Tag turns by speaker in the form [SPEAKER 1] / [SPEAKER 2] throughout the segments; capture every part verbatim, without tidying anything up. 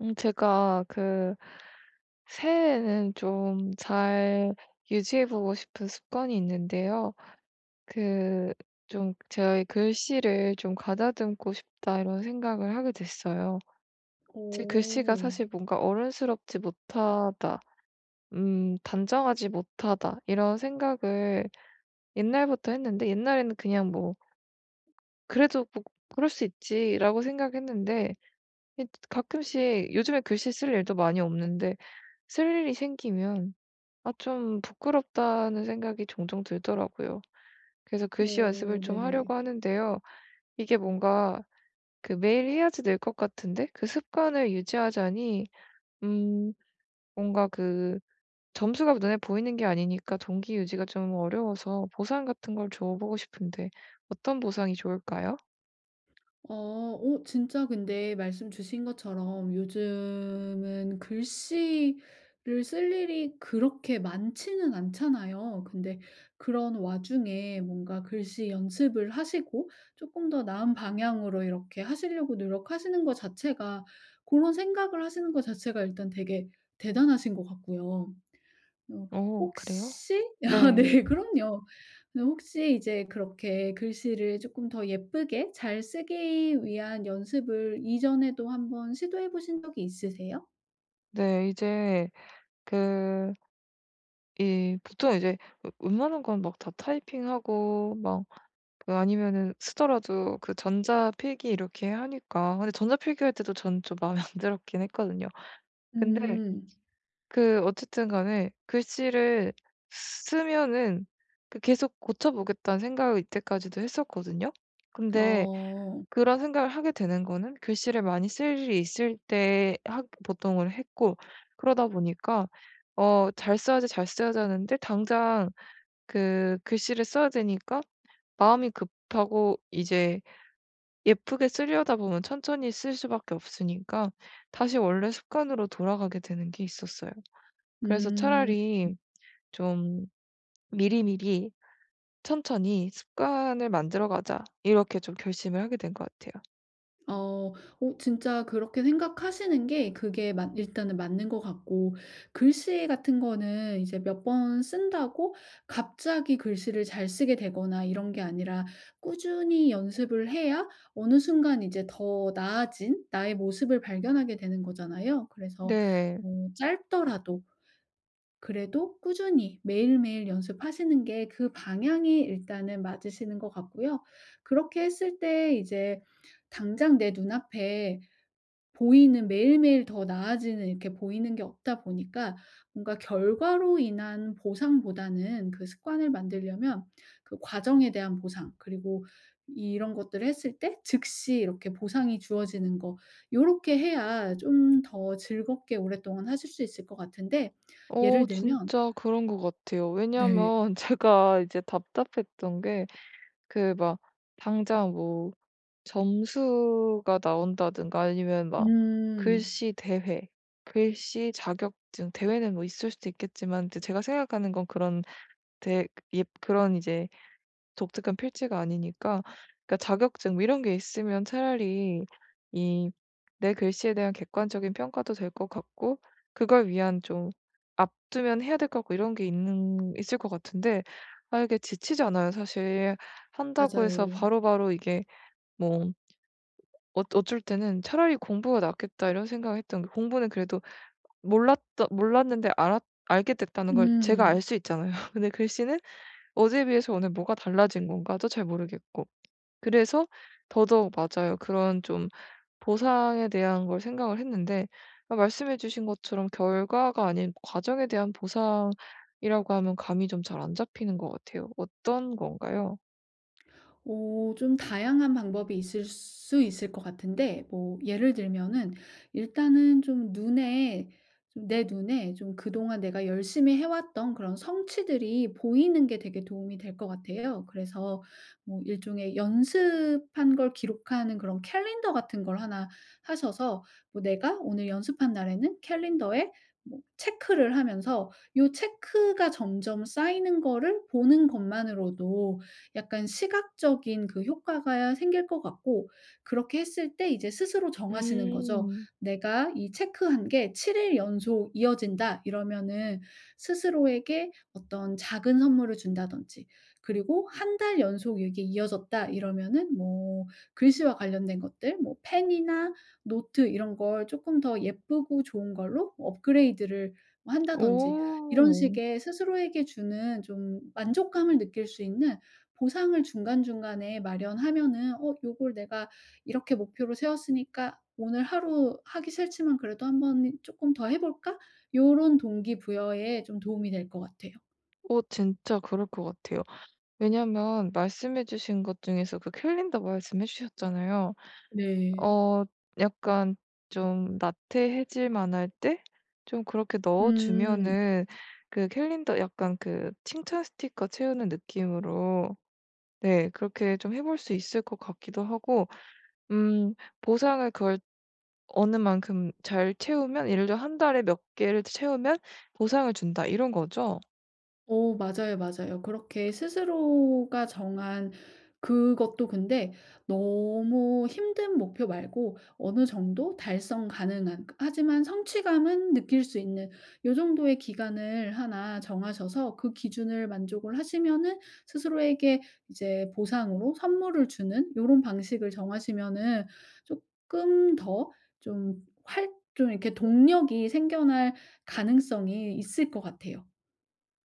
[SPEAKER 1] 음 제가 그 새해에는 좀 잘 유지해 보고 싶은 습관이 있는데요. 그 좀 제가 이 '글씨를 좀 가다듬고 싶다.' 이런 생각을 하게 됐어요. 제 글씨가
[SPEAKER 2] 오.
[SPEAKER 1] 사실 뭔가 '어른스럽지 못하다.' 음 '단정하지 못하다.' 이런 생각을 옛날부터 했는데 옛날에는 그냥 뭐 그래도 '뭐 그럴 수 있지.'라고 생각했는데. 이 뜨 드 가끔씩 요즘에 글씨 쓸 일도 많이 없는데 쓸 일이 생기면 아 '좀 부끄럽다.'는 생각이 종종 들더라고요. 그래서 글씨 연습을
[SPEAKER 2] 오
[SPEAKER 1] 좀
[SPEAKER 2] 네네.
[SPEAKER 1] 하려고 하는데요. 이게 뭔가 그 매일 해야지 늘 것 같은데 그 습관을 유지하자니 음 뭔가 그 점수가 눈에 보이는 게 아니니까 동기 유지가 좀 어려워서 보상 같은 걸 줘 보고 싶은데 어떤 보상이 좋을까요?
[SPEAKER 2] 어. 오 진짜 근데 말씀 주신 것처럼 요즘은 글씨를 쓸 일이 그렇게 많지는 않잖아요. 근데 그런 와중에 뭔가 글씨 연습을 하시고 쪼끔 더 나은 방향으로 이렇게 하시려고 노력하시는 거 자체가 고런 생각을 하시는 거 자체가 일단 되게 대단하신 것 같고요. 어
[SPEAKER 1] 어 그래요?
[SPEAKER 2] 혹시 아
[SPEAKER 1] 네.
[SPEAKER 2] 네 그럼요. 근데 혹시 이제 그렇게 글씨를 쪼끔 더 예쁘게 잘 쓰기 위한 연습을 이전에도 한번 시도해 보신 적이 있으세요?
[SPEAKER 1] 네. 이제 그 이 보통 이제 웨 웬만한 건 막 다 타이핑하고 막 그 아니면은 쓰더라도 그 전자 필기 이렇게 하니까. 근데 전자 필기할 때도 저는 좀 마음에 안 들었긴 했거든요. 근데
[SPEAKER 2] 음.
[SPEAKER 1] 그 어쨌든 간에 글씨를 쓰면은 그 계속 '고쳐 보겠다.'는 생각을 이때까지도 했었거든요. 근데
[SPEAKER 2] 어.
[SPEAKER 1] 그런 생각을 하게 되는 거는 글씨를 많이 쓸 일이 있을 때 하 보통은 했고 그러다 보니까 어 '잘 써야지. 잘 써야지.' 하는데 당장 그 글씨를 써야 되니까 마음이 급하고 이제 예쁘게 쓰려다 보면 천천히 쓸 수밖에 없으니까 다시 원래 습관으로 돌아가게 되는 게 있었어요. 그래서
[SPEAKER 2] 음. 음.
[SPEAKER 1] 차라리 좀 '미리미리 천천히 습관을 만들어 가자.' 이렇게 좀 결심을 하게 된 것 같아요.
[SPEAKER 2] 어. 어 진짜 그렇게 생각하시는 게 그게 맞 일단은 맞는 것 같고 글씨 같은 거는 이제 몇 번 쓴다고 갑자기 글씨를 잘 쓰게 되거나 이런 게 아니라 꾸준히 연습을 해야 어느 순간 이제 더 나아진 나의 모습을 발견하게 되는 거잖아요. 그래서
[SPEAKER 1] 네.
[SPEAKER 2] 뭐 짧더라도 그래도 꾸준히 매일매일 연습하시는 게 그 방향이 일단은 맞으시는 것 같고요. 그렇게 했을 때 이제 당장 내 눈앞에 보이는 매일매일 더 나아지는 이렇게 보이는 게 없다 보니까 뭔가 결과로 인한 보상보다는 그 습관을 만들려면 그 과정에 대한 보상 그리고 이런 것들을 했을 때 즉시 이렇게 보상이 주어지는 거 요렇게 해야 좀 더 즐겁게 오랫동안 하실 수 있을 것 같은데
[SPEAKER 1] 어.
[SPEAKER 2] 예를 들면
[SPEAKER 1] 진짜 그런 것 같아요.
[SPEAKER 2] 네.
[SPEAKER 1] 왜냐하면 제가 이제 답답했던 게 그 막 당장 뭐 점수가 나온다든가 아니면 막
[SPEAKER 2] 음.
[SPEAKER 1] 글씨 대회, 글씨 자격증 대회는 뭐 있을 수도 있겠지만 이제 제가 생각하는 건 그런 대 입 그런 이제 독특한 필체가 아니니까. 그러니까 자격증 뭐 이런 게 있으면 차라리 이 내 글씨에 대한 객관적인 평가도 될 것 같고 그걸 위한 좀 앞 두면 해야 될 것 같고 이런 게 있는 있을 것 같은데 아 이게 지치잖아요, 사실. 한다고 해서
[SPEAKER 2] 맞아요.
[SPEAKER 1] 바로바로 이게 뭐 어 어쩔 때는 '차라리 공부가 낫겠다.' 이런 생각을 했던 게 공부는 그래도 몰랐던 몰랐는데 알았 알게 됐다는 걸 제가
[SPEAKER 2] 음.
[SPEAKER 1] 알 수 있잖아요. 근데 글씨는 어제에 비해서 오늘 뭐가 달라진 건가도 잘 모르겠고. 그래서 더더욱 맞아요. 그런 좀 보상에 대한 걸 생각을 했는데 그러니까 말씀해 주신 것처럼 결과가 아닌 과정에 대한 보상이라고 하면 감이 좀 잘 안 잡히는 것 같아요. 어떤 건가요?
[SPEAKER 2] 어 좀 다양한 방법이 있을 수 있을 것 같은데 뭐 예를 들면은 일단은 좀 눈에 좀 내 눈에 좀 그동안 내가 열심히 해 왔던 그런 성취들이 보이는 게 되게 도움이 될 것 같아요. 그래서 뭐 일종의 연습한 걸 기록하는 그런 캘린더 같은 걸 하나 사셔서 뭐 내가 오늘 연습한 날에는 캘린더에 뭐 체크를 하면서 요 체크가 점점 쌓이는 거를 보는 것만으로도 약간 시각적인 그 효과가 생길 것 같고 그렇게 했을 때 이제 스스로 정하시는 거죠.
[SPEAKER 1] 음.
[SPEAKER 2] 내가 이 체크한 게 칠 일 연속 이어진다. 이러면은 스스로에게 어떤 작은 선물을 준다든지 그리고 한 달 연속 이게 이어졌다. 이러면은 뭐 글씨와 관련된 것들 뭐 펜이나 노트 이런 걸 쪼끔 더 예쁘고 좋은 걸로 업그레이드를 뭐 한다든지 이런
[SPEAKER 1] 오.
[SPEAKER 2] 식의 스스로에게 주는 좀 만족감을 느낄 수 있는 보상을 중간중간에 마련하면은 어 '요걸 내가 이렇게 목표로 세웠으니까 오늘 하루 하기 싫지만 그래도 한 번 이 쪼끔 더 해 볼까?' 요런 동기 부여에 좀 도움이 될 것 같아요.
[SPEAKER 1] 어 진짜 그럴 것 같아요. 왜냐하면 말씀해 주신 것 중에서 그 캘린더 말씀해 주셨잖아요.
[SPEAKER 2] 네.
[SPEAKER 1] 어 약간 좀 나태해질만할 때 좀 그렇게 넣어
[SPEAKER 2] 음.
[SPEAKER 1] 주면은 그 캘린더 약간 그 칭찬 스티커 채우는 느낌으로 네 그렇게 좀 해 볼 수 있을 것 같기도 하고 음 보상을 그걸 어느 만큼 잘 채우면 예를 들어 '한 달에 몇 개를 채우면 보상을 준다.' 이런 거죠?
[SPEAKER 2] 어 맞아요, 맞아요. 그렇게 스스로가 정한 그것도 근데 너무 힘든 목표 말고 어느 정도 달성 가능한 하지만 성취감은 느낄 수 있는 요 정도의 기간을 하나 정하셔서 그 기준을 만족을 하시면은 스스로에게 이제 보상으로 선물을 주는 요런 방식을 정하시면은 쪼끔 더 좀 활 좀 이렇게 동력이 생겨날 가능성이 있을 것 같아요.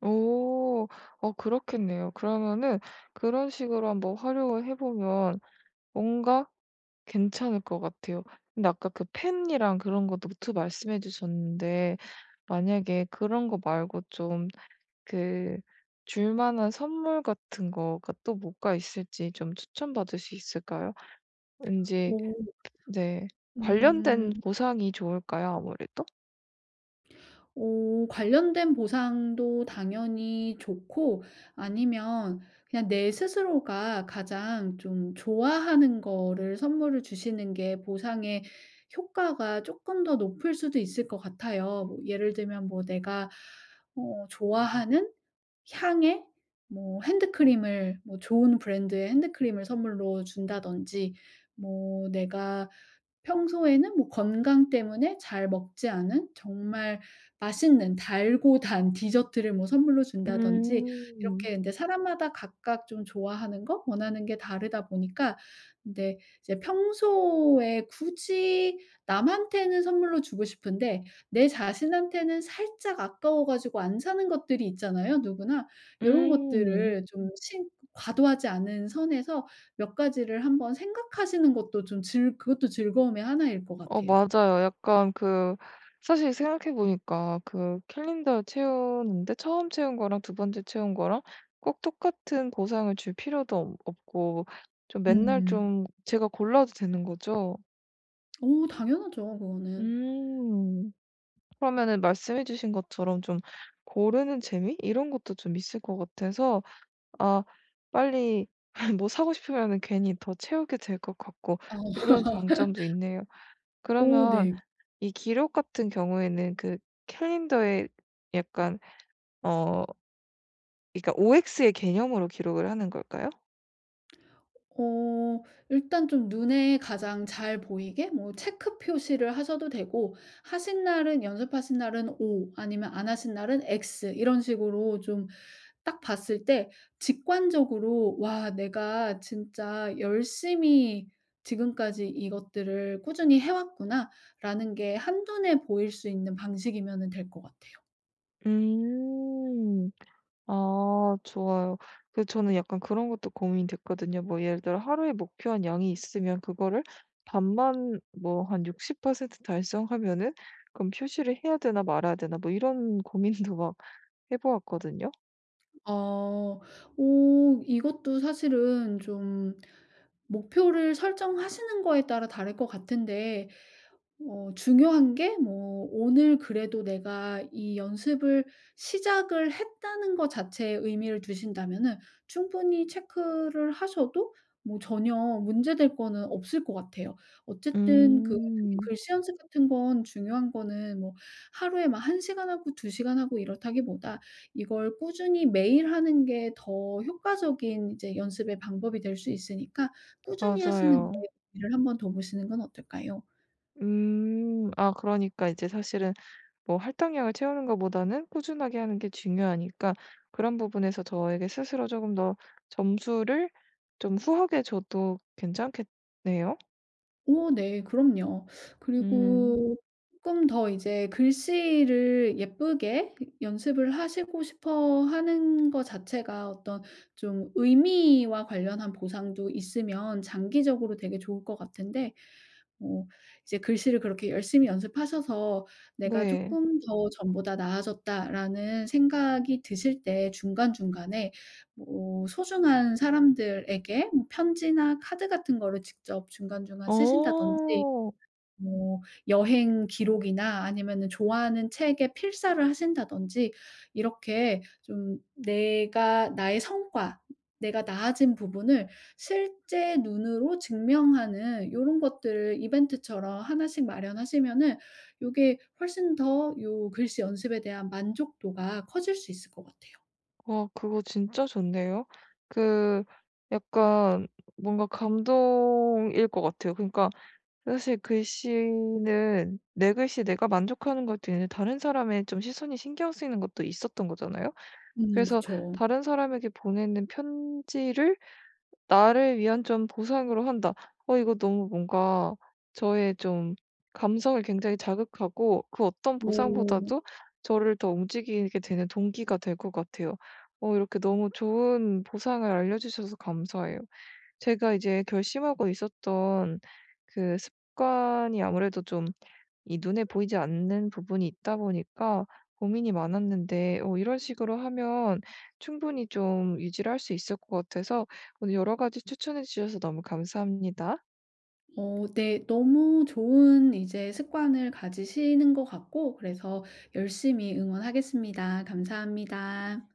[SPEAKER 1] 오. 어 그렇겠네요. 그러면은 그런 식으로 한번 활용을 해 보면 뭔가 괜찮을 것 같아요. 근데 아까 그 펜이랑 그런 거 노트 말씀해 주셨는데 만약에 그런 거 말고 좀 그 줄만한 선물 같은 거가 또 뭐가 있을지 좀 추천받을 수 있을까요? 왠지
[SPEAKER 2] 오.
[SPEAKER 1] 네
[SPEAKER 2] 음.
[SPEAKER 1] 관련된 보상이 좋을까요? 아무래도?
[SPEAKER 2] 어 관련된 보상도 당연히 좋고 아니면 그냥 내 스스로가 가장 좀 좋아하는 거를 선물을 주시는 게 보상의 효과가 쪼끔 더 높을 수도 있을 것 같아요. 뭐 예를 들면 뭐 내가 어 좋아하는 향의 뭐 핸드크림을 뭐 좋은 브랜드의 핸드크림을 선물로 준다든지 뭐 내가 평소에는 뭐 건강 때문에 잘 먹지 않은 정말 맛있는 달고 단 디저트를 뭐 선물로 준다든지
[SPEAKER 1] 음.
[SPEAKER 2] 이렇게 근데 사람마다 각각 좀 좋아하는 거 원하는 게 다르다 보니까 근데 이제 평소에 굳이 남한테는 선물로 주고 싶은데 내 자신한테는 살짝 아까워 가지고 안 사는 것들이 있잖아요, 누구나. 요런
[SPEAKER 1] 음.
[SPEAKER 2] 것들을 좀 신 과도하지 않은 선에서 몇 가지를 한번 생각하시는 것도 좀 즐 그것도 즐거움의 하나 일 것
[SPEAKER 1] 어
[SPEAKER 2] 같아요.
[SPEAKER 1] 맞아요. 약간 그 사실 생각해 보니까 그 캘린더에 채우는데 처음 채운 거랑 두 번째 채운 거랑 꼭 똑같은 보상을 줄 필요도 없 없고 좀 맨날
[SPEAKER 2] 음.
[SPEAKER 1] 좀 제가 골라도 되는 거죠?
[SPEAKER 2] 어 당연하죠 그거는.
[SPEAKER 1] 음. 그러면은 말씀해 주신 것처럼 좀 고르는 재미? 이런 것도 좀 있을 것 같아서 아 빨리 뭐 사고 싶으면은 괜히 더 채우게 될 것 같고 이런
[SPEAKER 2] 어.
[SPEAKER 1] 장점도 있네요.
[SPEAKER 2] 어
[SPEAKER 1] 그러면
[SPEAKER 2] 네.
[SPEAKER 1] 이 기록 같은 경우에는 그 캘린더에 약간 어 그러니까 OX의 개념으로 기록을 하는 걸까요?
[SPEAKER 2] 어. 일단 좀 눈에 가장 잘 보이게 뭐 체크 표시를 하셔도 되고 하신 날은 연습하신 날은 O 아니면 안 하신 날은 X 이런 식으로 좀 딱 봤을 때 직관적으로 '와 내가 진짜 열심히 지금까지 이것들을 꾸준히 해 왔구나.'라는 게 한눈에 보일 수 있는 방식이면은 될 것 같아요.
[SPEAKER 1] 음. 아 좋아요. 그 저는 약간 그런 것도 고민이 됐거든요. 뭐 예를 들어 하루에 목표한 양이 있으면 그거를 반만 뭐 한 육십 퍼센트 달성하면은 그럼 '표시를 해야 되나. 말아야 되나.' 뭐 이런 고민도 막 해 보았거든요.
[SPEAKER 2] 어. 어 이것도 사실은 좀 목표를 설정하시는 거에 따라 다를 것 같은데 어 중요한 게 뭐 '오늘 그래도 내가 이 연습을 시작을 했다.'는 거 자체에 의미를 두신다면은 충분히 체크를 하셔도 뭐 전혀 문제될 거는 없을 것 같아요. 어쨌든 그
[SPEAKER 1] 음.
[SPEAKER 2] 특히 글씨 연습 같은 건 중요한 거는 뭐 하루에 막 한 시간 하고 두 시간 하고 이렇다기보다 이걸 꾸준히 매일 하는 게 더 효과적인 이제 연습의 방법이 될 수 있으니까 꾸준히 하시는 거에
[SPEAKER 1] 맞아요.
[SPEAKER 2] 의미를 한번 둬 보시는 건 어떨까요?
[SPEAKER 1] 음. 아 그러니까 이제 사실은 뭐 할당량을 채우는 거보다는 꾸준하게 하는 게 중요하니까 그런 부분에서 저에게 스스로 쪼금 더 점수를 좀 후하게 줘도 괜찮겠네요?
[SPEAKER 2] 어 네. 그럼요.
[SPEAKER 1] 음.
[SPEAKER 2] 그리고 쪼끔 더 이제 글씨를 예쁘게 연습을 하시고 싶어 하는 거 자체가 어떤 좀 의미와 관련한 보상도 있으면 장기적으로 되게 좋을 것 같은데 뭐 이제 글씨를 그렇게 열심히 연습하셔서 '내가
[SPEAKER 1] 네.
[SPEAKER 2] 쪼끔 더 전보다 나아졌다.'라는 생각이 드실 때 중간중간에 뭐 소중한 사람들에게 뭐 편지나 카드 같은 거를 직접 중간중간 쓰신다든지
[SPEAKER 1] 어.
[SPEAKER 2] 뭐 여행 기록이나 아니면은 좋아하는 책의 필사를 하신다든지 이렇게 좀 내가 나의 성과 내가 나아진 부분을 실제 눈으로 증명하는 요런 것들을 이벤트처럼 하나 씩 마련하시면은 요게 훨씬 더 요 글씨 연습에 대한 만족도가 커질 수 있을 것 같아요.
[SPEAKER 1] 어 그거 진짜 좋네요. 그 약간 뭔가 감동일 것 같아요. 그러니까 사실 글씨는 내 글씨에 내가 만족하는 것도 있는데 다른 사람의 좀 시선이 신경 쓰이는 것도 있었던 거잖아요.
[SPEAKER 2] 음
[SPEAKER 1] 그래서
[SPEAKER 2] 그쵸.
[SPEAKER 1] 다른 사람에게 보내는 편지를 나를 위한 좀 보상으로 한다. 어 이거 너무 뭔가 저의 좀 감성을 굉장히 자극하고 그 어떤
[SPEAKER 2] 어.
[SPEAKER 1] 보상보다도 저를 더 움직이게 되는 동기가 될 것 같아요. 어 이렇게 너무 좋은 보상을 알려주셔서 감사해요. 제가 이제 결심하고 있었던 그 습관이 아무래도 좀 이 눈에 보이지 않는 부분이 있다 보니까 고민이 많았는데 어 이런 식으로 하면 충분히 좀 유지를 할 수 있을 것 같아서 오늘 여러 가지 추천해 주셔서 너무 감사합니다.
[SPEAKER 2] 어 네. 너무 좋은 이제 습관을 가지시는 것 같고 그래서 열심히 응원하겠습니다. 감사합니다.